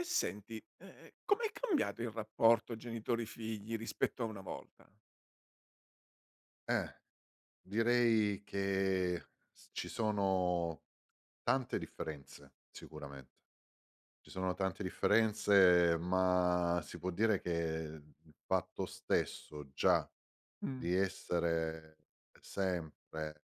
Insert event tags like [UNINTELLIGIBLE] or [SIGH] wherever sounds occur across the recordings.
E senti, ehm, com'è cambiato il rapporto genitori figli rispetto a una volta? Eh, direi che s ci sono, tante differenze sicuramente, ci sono tante differenze ma si può dire che il fatto stesso già Mh. di essere sempre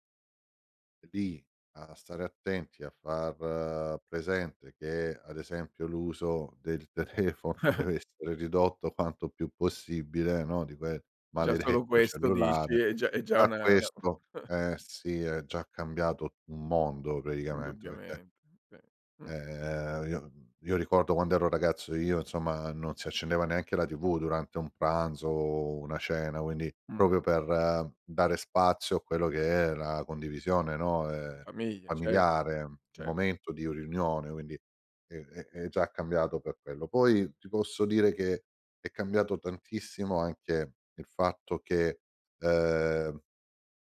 lì a stare attenti a far presente che, ad esempio l'uso del telefono [CHUCKLES] deve essere ridotto quanto più possibile, no, di quel Già solo maledetto questo dici, cellulare è già è già a una 'na questo [CHUCKLES] eh, sì è già cambiato un mondo praticamente perché Indubbiamente, sì, mh. Ehm, io mhmm, io ricordo quand'ero ragazzo io insomma non si accendeva neanche la TV durante un pranzo o una cena, quindi Mh. proprio per dare spazio a quello che è la condivisione, no, ehm, Famiglia, cer familiare un cer momento di u riunione. Quindi, è è è già cambiato per quello. Poi ti posso dire che è cambiato tantissimo anche il fatto che ehm,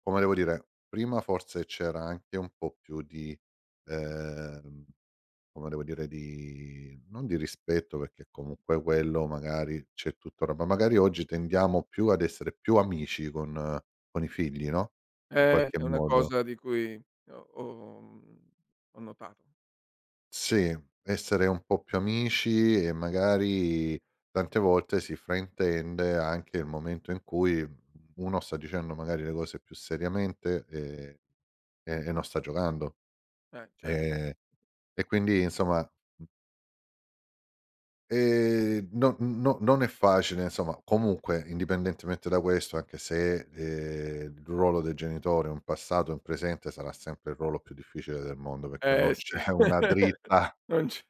come devo dire, prima forse c'era anche un po' più di ehm, come devo dire, di non di rispetto, perché comunque quello magari c'è tutt'ora, ma magari oggi [UNINTELLIGIBLE] tendiamo più ad essere più amici con con i figli, no, in Eh, qualche è una modo. cosa di cui ho ho mhmm, ho notato. Sì, essere un po' più amici, e magari tante volte si fraintende anche il momento in cui uno sta dicendo magari le cose più seriamente, ehm, e e non sta giocando, Eh, cer ehm, e quindi insomma, mhmm ehm, no no non è facile insomma, comunque indipendentemente da questo anche se, ehm, il ruolo dei genitori è un passato, in presente sarà sempre il ruolo più difficile del mondo, perché Eh, non sì. c'è una [LAUGHS] dritta Non c'è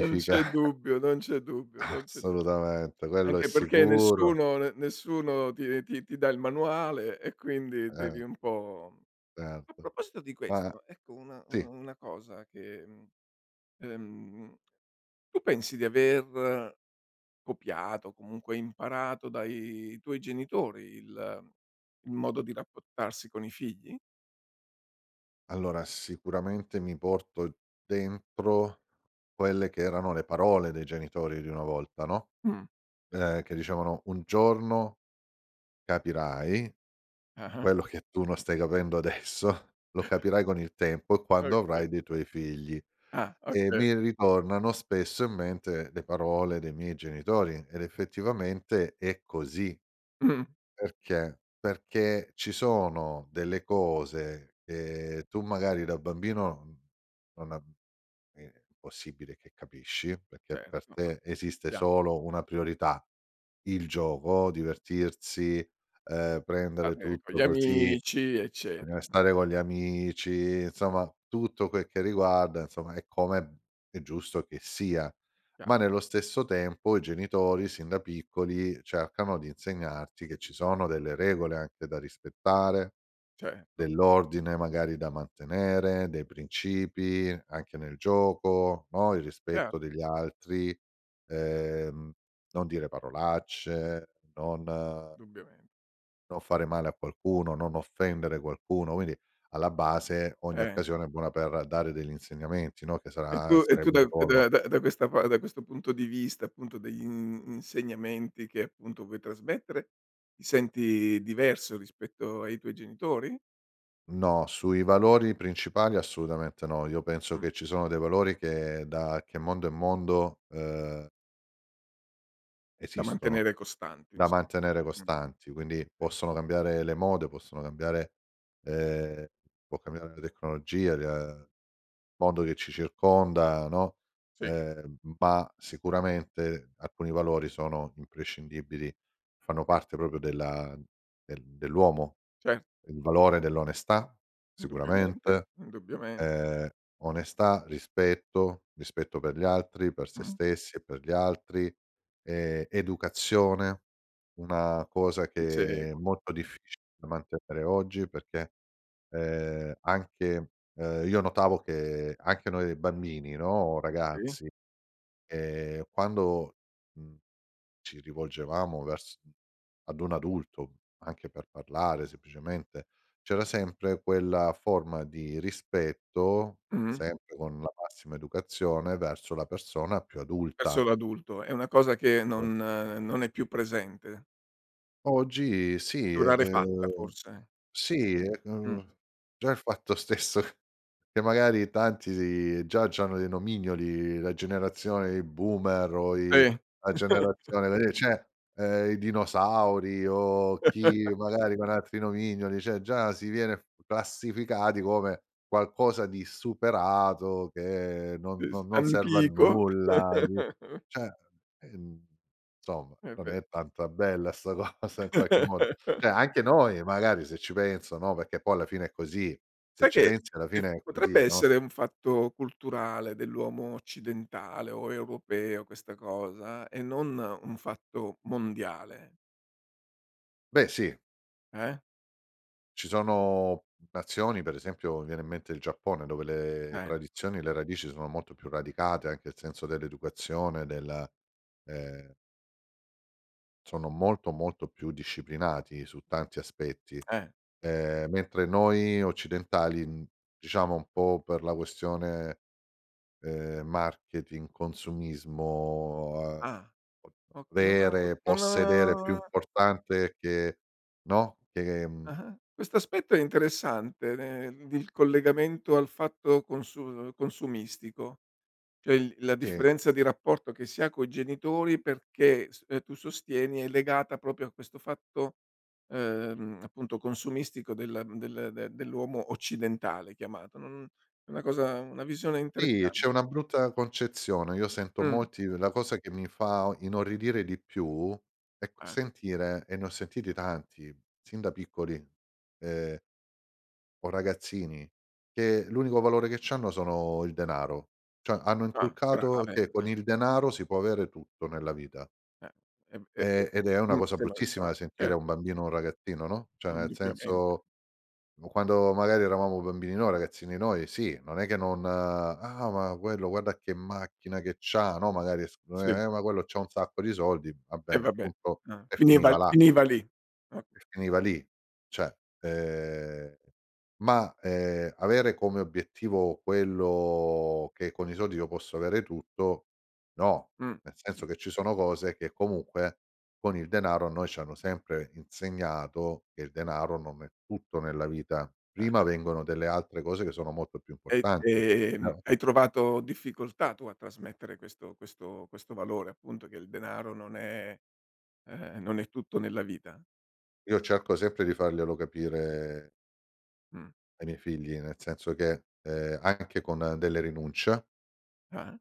non c'è dubbio, non c'è dubbio, non c'è du Assolutamente quello è anche perché sicuro. nessuno ne nessuno ti ti ti dà il manuale, e quindi Eh. devi un po' mhmm, a Certo, proposito di ma questo, ecco una una sì. una cosa che mhmm, uhm, tu pensi di aver copiato, o comunque imparato dai tuoi genitori il il modo di rapportarsi con i figli? Allora, sicuramente mi porto dentro, quelle che erano le parole dei genitori di una volta, no. Mh. Ehm, che dicevano: "Un giorno capirai, Ah-ah. quello che tu non stai capendo adesso, lo [CHUCKLES] capirai con il tempo e quando Okay. avrai dei tuoi figli." Ah, E oka mi ritornano spesso in mente le parole dei miei genitori, ed effettivamente, è così, Mh. perché? Perché ci sono delle cose, che tu magari da bambino, mhmm, non uhm, è impossibile che capisci, perché Certo per ma te esiste sappiamo. solo 1 priorità, il gioco, divertirsi, ehm, prendere Vabbè, con gli tutto così amici bisogna eccetera, mh. restare con gli amici, insomma tutto quel che riguarda, insomma e come, mhmm, è giusto che sia. Ma Chiaro. nello stesso tempo i genitori, sin da piccoli, cercano di insegnarti che ci sono delle regole anche da rispettare, Certo. dell'ordine magari da mantenere, dei principi, anche nel gioco, no, il Chiaro. rispetto degli altri, ehm, non dire parolacce, [UNINTELLIGIBLE] non dubbiamen non fare male a qualcuno, non offendere qualcuno, quindi, alla base ogni Eh. occasione è buona per dare degli insegnamenti, no, che E tu sarà e tu sarebbe da il ruolo ehm, da da questa pa da questo punto di vista, appunto dei, mhmm, insegnamenti che appunto vuoi trasmettere, ti senti diverso rispetto ai tuoi genitori? No, sui valori principali assolutamente no, io penso Mh. che ci sono dei valori che, da che mondo è mondo, uhm Da esistono, mantenere costanti da ins mantenere mh-mh, costanti. Quindi, okay. possono cambiare le mode, possono cambiare ehm, può cambiare la tecnologia, ia mondo che ci circonda, no, Sì. ehm, ma sicuramente alcuni valori sono imprescindibili, fanno E parte proprio della del dell'uomo. Cer Il valore dell'onestà Indubbiamente, sicuramente, indubbiamente. ehm, onestà, rispetto, rispetto per gli altri, per sé Mh. stessi e per gli altri, ehm, educazione, una cosa Ti che è seguono. molto Eh. difficile da mantenere oggi, perché, ehm, anche ehm, io notavo che anche noi, ehm, bambini, no, Sì. ragazzi, ehm, quando, mhmm, ci rivolgevamo vers mhmm, ad un adulto anche per parlare semplicemente, c'era sempre quella forma di rispetto, Mh. sempre con la massima educazione, verso la persona più Verso adulta l'adulto, è una cosa che non [UNINTELLIGIBLE] non è più presente. Oggi sì Più rarefatta, ehm, forse? sì, Mh. ehm, già il fatto stesso, che magari tanti già c'hanno dei nomignoli, la generazione di boomer o i Sì. la [CHUCKLES] generazione dei cioè, ehm, i dinosauri o chi [LAUGHS] magari con altri nomignoli, cioè già si viene f classificati come qualcosa di superato, che non Sì, s non non serve a antico. nulla, di [CHUCKLES] cioè, ehm, insomma, È non vero. è tanta bella 'sta cosa in qualche modo. [CHUCKLES] Cioè anche noi magari se ci penso, no, perché poi alla fine è così, se Sai ci che pensi alla che fine f è così, potrebbe no? essere un fatto culturale dell'uomo occidentale, o europeo questa cosa, e non un fatto mondiale. Beh sì. Eh? Ci sono, mhmm, nazioni, per esempio viene in mente il Giappone, dove le Eh. tradizioni, le radici sono molto più radicate, anche il senso dell'educazione della, ehm sono molto, molto più disciplinati su tanti aspetti, Eh. ehm, mentre noi occidentali, mhmm, diciamo un po' per la questione, ehm, marketing, consumismo, uhm, Ah, o ok non av vere, possedere più non importante che no, che, mhmm Ah-ah. Questo aspetto è interessante nel d il collegamento al fatto consu uhm, consumistico. Cioè, il la Sì. differenza di rapporto che si ha coi genitori, perché s uhm, tu sostieni è legata proprio a questo fatto, ehm, appunto consumistico della mhmm, del d dell'uomo occidentale chiamato. Non è una cosa una visione Sì interessan c'è una brutta concezione. Io sento Mh. molti uhm, la cosa che mi fa o inorridire di più, è qu Eh. sentire, e ne ho sentiti tanti sin da piccoli, ehm o ragazzini che l'unico valore che c'hanno sono il denaro. Cioè hanno Ah, inculcato grave. che con Eh. il denaro si può avere tutto nella vita Eh, ehm, e e ehm, ed è una sem cosa sembra bruttissima grave, da sentire cer a un bambino o un ragazzino, no, cioè nel Indubbiamente. senso, mhmm, quando magari eravamo bambini noi, ragazzini noi, sì, non è che non "Ah, ma quello guarda che macchina che c'ha." No, magari s uhm: Sì. "Eh, ma quello c'ha un sacco di soldi." Va Eh bene, vabbè, punto ah, e finiva finiva l là finiva lì, o e finiva lì cioè, ehm, ma, ehm, avere come obiettivo, quello che con i soldi io posso avere tutto, no. Mh. Nel senso che ci sono cose che comunque con il denaro a noi ci hanno sempre insegnato che il denaro non è tutto nella vita, prima Ah-ah. vengono delle altre cose che sono molto più E, importanti ehm, [UNINTELLIGIBLE] hai trovato difficoltà tu a trasmettere questo questo questo valore appunto, che il denaro non è ehm, non è tutto nella vita? Io cerco sempre di farglielo capire Mh. ai miei figli nel senso che, ehm, anche con delle rinuncia Ah.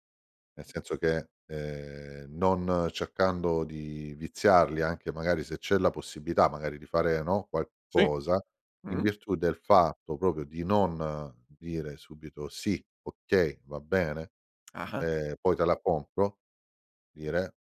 nel senso che, ehm, non cercando di viziarli, anche magari se c'è la possibilità magari di fare, no, Sì, qualcosa, in mh-mh. virtù del fatto proprio di non dire subito: "Sì, okay, va bene, Ah-ah. ehm, poi te la compro." Dire: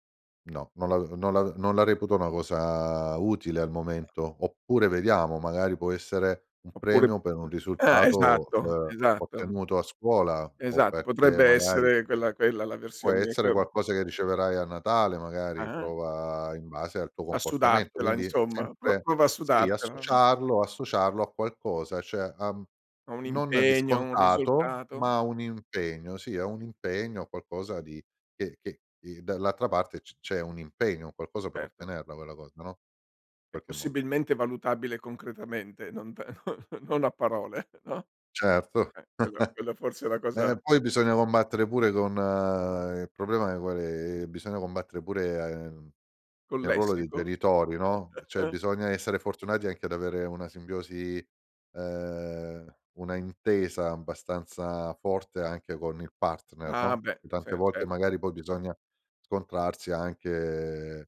"No, non la uhm, non la non non la reputo una cosa utile al momento." Oppure, vediamo, magari può essere un Oppure premio per un ah, risultato, esatto, uhm, esatto. ottenuto a scuola o Esatto, perché potrebbe magari essere quella quella la "puo' versione essere co qualcosa che riceverai a Natale, magari Ah-ah. prova in base al tuo A comportamento." sudartela Quindi insomma, "pro sempre prova a sì, sudartela." Mh. associarlo associarlo a qualcosa, cioè, uhm, O un non di impegno, o un scontato risultato. ma un impegno, sì a un Sì. impegno, a qualcosa di che che di dall'altra parte c c'è un impegno, un qualcosa per Certo. ottenerla quella cosa, no, E qualche modo. possibilmente valutabile concretamente, non p no non a parole no, Certo, eh, quello quello forse è la [CHUCKLES] eh, cosa poi bisogna combattere pure con il problema, ehm, qual è, ehm, bisogna combattere pure a ehm, Col nel ruolo dei lessico? genitori, no, cioè [CHUCKLES] bisogna essere fortunati anche ad avere una simbiosi ehm, una intesa abbastanza forte anche con il partner, Ah, no, beh, perché tante cer volte certo. magari poi bisogna scontrarsi anche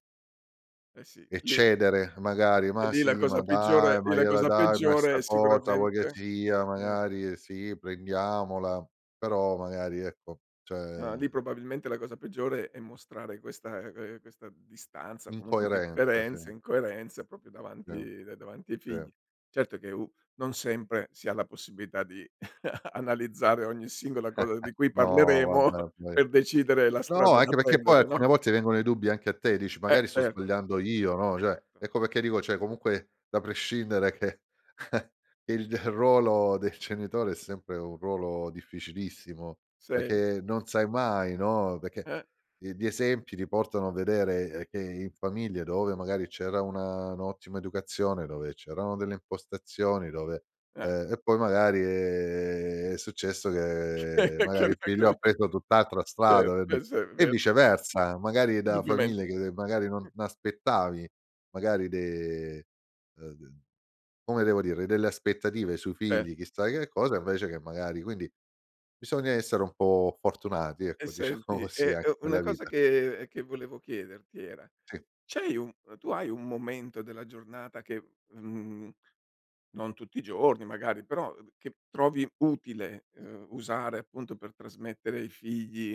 Eh, sì, lì eccedere magari: e "Ma lì la sì, ma cosa dai, peggiore e ma la gliela cosa dai ma peggiore 'sta è cosa vuoi che sicuramente sia mh. magari sì prendiamola." Però, magari ecco, cioè Ah, lì probabilmente la cosa peggiore è mostrare questa ehm, questa distanza, comunque Incoerenza, differenza, sì. incoerenza proprio Sì, davanti da davanti ai figli. sì. Certo che u non sempre, si ha la possibilità di [CHUCKLES] analizzare ogni singola [CHUCKLES] cosa di cui parleremo No vabbè [CHUCKLES] poi per decidere la no strada da anche perché poi prendere, no? alcune volte vengono i dubbi anche a te, dici: Eh, "Magari sto certo. sbagliando io." No, Eh, cioè, certo. ecco perché dico cioè comunque da prescindere, che [CHUCKLES] il d ruolo del genitore è sempre un ruolo difficilissimo, Sen perché non sai mai, no, perché Eh. i gli esempi ti portano a vedere, ehm, che in famiglia dove magari c'era una un'ottima educazione, dove c'erano delle impostazioni, dove Eh. ehm, e poi magari, ehm, è successo che magari il figlio ha [UNINTELLIGIBLE] preso tutt'altra Cer strada per di' questo è e vero. viceversa, magari da Dubbiamente, famiglie che magari mh. non aspettavi magari de uhm, d come devo dire, delle aspettative sui Eh. figli chissà che cosa invece che magari quindi bisogna essere un po' fortunati E ecco, diciamo senti, così, e anche e una nella cosa vita. che che volevo chiederti era: Sì. c'hai un uhm, tu hai un momento della giornata che mhmm, non tutti i giorni magari, però, uhm, d che trovi utile, uhm, usare appunto per trasmettere ai figli,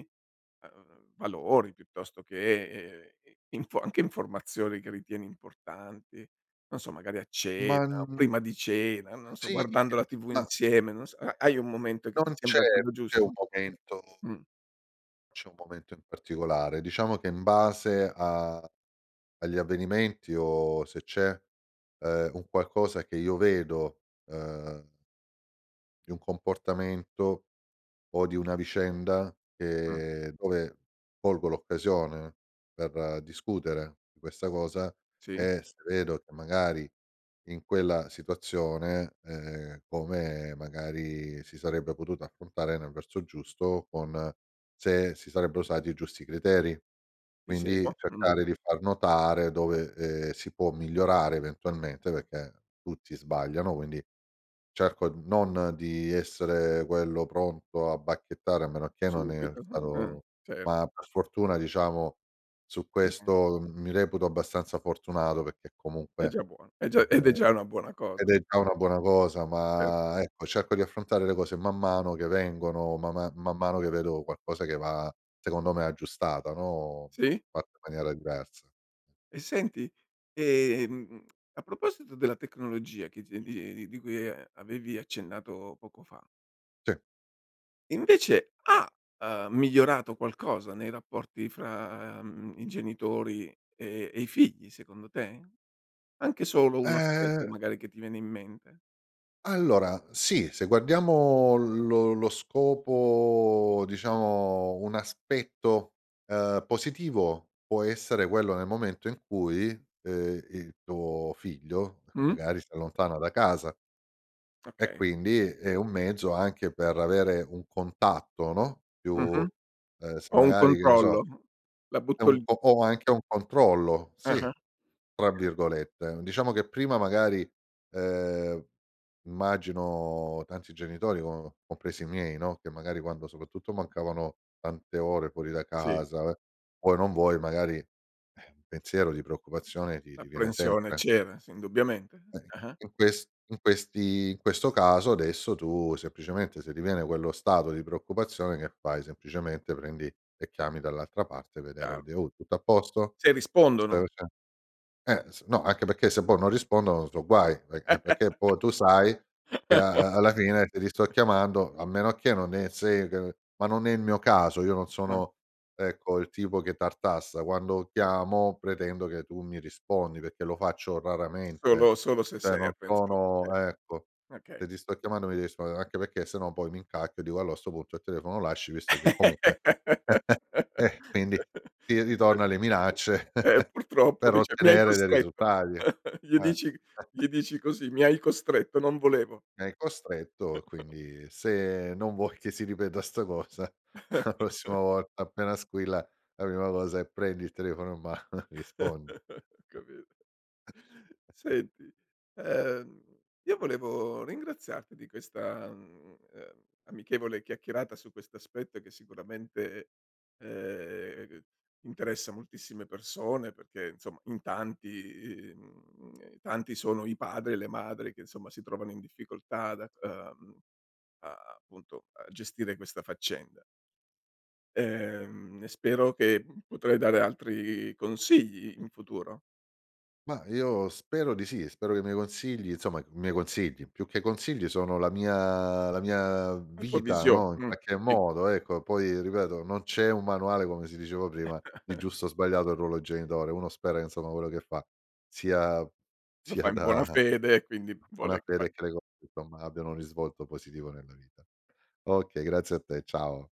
uhm, valori piuttosto che, ehm, info anche informazioni che ritieni importanti, non so magari a Ma, cena n o prima di cena, non so sì guardando la TV da insieme, non so, ha hai un momento che ti Non c'è sembra quello c'è un giusto? momento Mh. c'è un momento in particolare, diciamo che in base a agli avvenimenti o se c'è, ehm, un qualcosa che io vedo, uhm di un comportamento, o di una vicenda, Mh. che dove colgo l'occasione, per discutere di questa cosa, Sì. e se vedo che magari in quella situazione ehm, come magari si sarebbe potuta affrontare nel verso giusto, con se si sarebbero usati i giusti criteri. Ti Quindi seguo. Mh. cercare di far notare dove, ehm, si può migliorare eventualmente, perché tutti sbagliano, quindi cerco n non di essere quello pronto a bacchettare, a meno che non è Subito, uhm, ah, stato cer ma per fortuna diciamo su [UNINTELLIGIBLE] questo m mi reputo abbastanza fortunato perché È comunque già buono, è già ed è ehm, già una buona ed cosa. è già una buona cosa, Cer ma ecco, cerco di affrontare le cose man mano che vengono, ma ma man mano che vedo qualcosa che va secondo me aggiustata, no, Sì. fatta in maniera diversa. E senti? Ehm, a proposito della tecnologia che di di di cui, uhm, avevi accennato poco fa Sì. invece ha, uhm, migliorato qualcosa nei rapporti fra, mhmm, i genitori, e e i figli secondo te? Anche solo 1 aspetto Ehm magari che ti viene in mente? Allora, sì, se guardiamo lo lo scopo, diciamo, un aspetto, ehm, positivo, può essere quello nel momento in cui, ehm, i tuo figlio che Mh. magari si allontana da casa. E Okay. quindi è un mezzo anche per avere un contatto no, più Mh-mh, uhm, se o un magari, che ne controllo, so, la è butto l un o o anche "un controllo", sì, Ah-ah, tra okay. virgolette. Diciamo che prima magari, ehm, immagino tanti genitori, co compresi i miei no, che magari quando, soprattutto, mancavano tante ore fuori da Sì. casa, eh, vuoi o non vuoi magari [EXHALES] un pensiero di preoccupazione ti ti viene L'apprensione sempre. c'era, sì, indubbiamente, Eh, i ah-ah. in ques in questi in questo caso, adesso, tu semplicemente se riviene quello stato di preoccupazione, che fai, semplicemente prendi e chiami dall'altra parte, vedere Chiaro. vede: "Oh tutto a posto?" Se rispondono. [UNINTELLIGIBLE] Eh, s no, anche perché se poi non rispondono so' guai, v eh perché poi tu sai che a a alla fine te li sto [LAUGHS] chiamando, a meno che non è se c ma non è il mio caso, io non Eh. sono, ecco, il tipo che tartassa, quando chiamo pretendo che tu mi rispondi, perché lo faccio raramente. Solo solo se Cioè no serve insom sono, eh, ecco, se okay. ti sto chiamando mi de rispondere anche perché se no poi mi incacchio e dico, allo a sto punto il telefono lo lasci, visto che comunque [CHUCKLES] eh, quindi, [LAUGHS] ti ritorna alle minacce Eh [CHUCKLES] purtroppo per dice: "Mi hai ottenere dei costretto," risultati, [CHUCKLES] gli eh. dici g [CHUCKLES] gli dici così: "Mi hai costretto, non volevo." È costretto, [CHUCKLES] quindi se non vuoi che si ripeta 'sta cosa, a prossima [CHUCKLES] volta appena squilla, la prima cosa è prendi il telefono in mano, rispondi. [CHUCKLES] Ho capi [CHUCKLES] Senti, ehm, io volevo ringraziarti di questa, mhmm, ehm, amichevole chiacchierata su questo aspetto che sicuramente, ehm, interessa moltissime persone, perchè, insomma, in tanti mhmm, tanti sono i padri e le madri che, insomma, si trovano in difficoltà dac Sì. ehm, a appunto a gestire questa faccenda. Ehm, e spero che potrai dare altri consigli in futuro. Mah, io spero di sì, spero che i miei consigli, insomma i miei consigli, più che consigli sono la mia la mia La tua vita, visio no, in mhmm, qualche sì. modo, ecco, poi ripeto non c'è un manuale, come si diceva prima, di [CHUCKLES] giusto o sbagliato, il ruolo genitore. Uno spera, insomma, quello che fa sia Lo fa sia in buona da fede, e quindi buona vuole fa fede credo, insomma abbiano un risvolto positivo nella vita. Okay, grazie a te, ciao.